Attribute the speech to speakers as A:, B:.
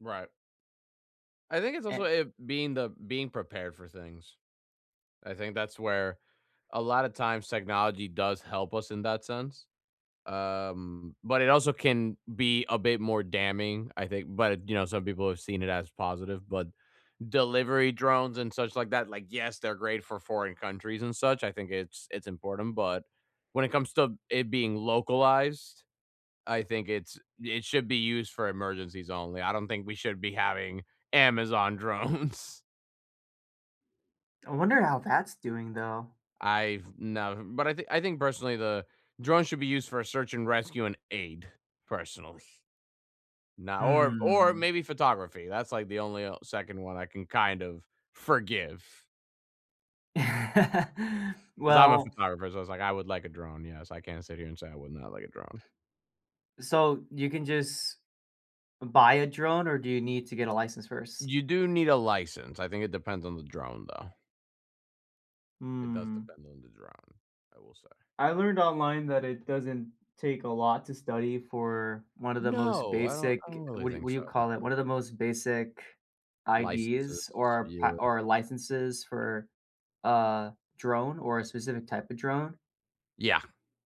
A: Right. I think it's also
B: And
A: it being the being prepared for things. I think that's where a lot of times technology does help us in that sense. Um, but it also can be a bit more damning, I think, but, you know, some people have seen it as positive. But delivery drones and such like that, like, yes, they're great for foreign countries and such, I think it's it's important, but when it comes to it being localized, I think it's it should be used for emergencies only. I don't think we should be having Amazon drones.
B: I wonder how that's doing though.
A: I've nev but I think I think personally the drone should be used for a search and rescue and aid, personally. No or or
B: Mm.
A: maybe photography, that's like the only, uh, second one I can kind of forgive. 'Cause I'm a
B: Well
A: photographer, so I was like I would like a drone, yes. I can't sit here and say I would not like a drone.
B: So you can just Buy a drone or do you need to get a license first?
A: You do need a license. I think it depends on the drone though. It does
B: Mm.
A: depend on the drone, I will say.
B: I learned online that it doesn't take a lot to study for one of the most
A: No, I don't I
B: basic,
A: don't really
B: what
A: think
B: what do
A: so,
B: you call
A: no.
B: it, one of the most basic IDs
A: Licenses,
B: or pa
A: yeah.
B: or licenses for a drone or a specific type of drone.
A: Yeah.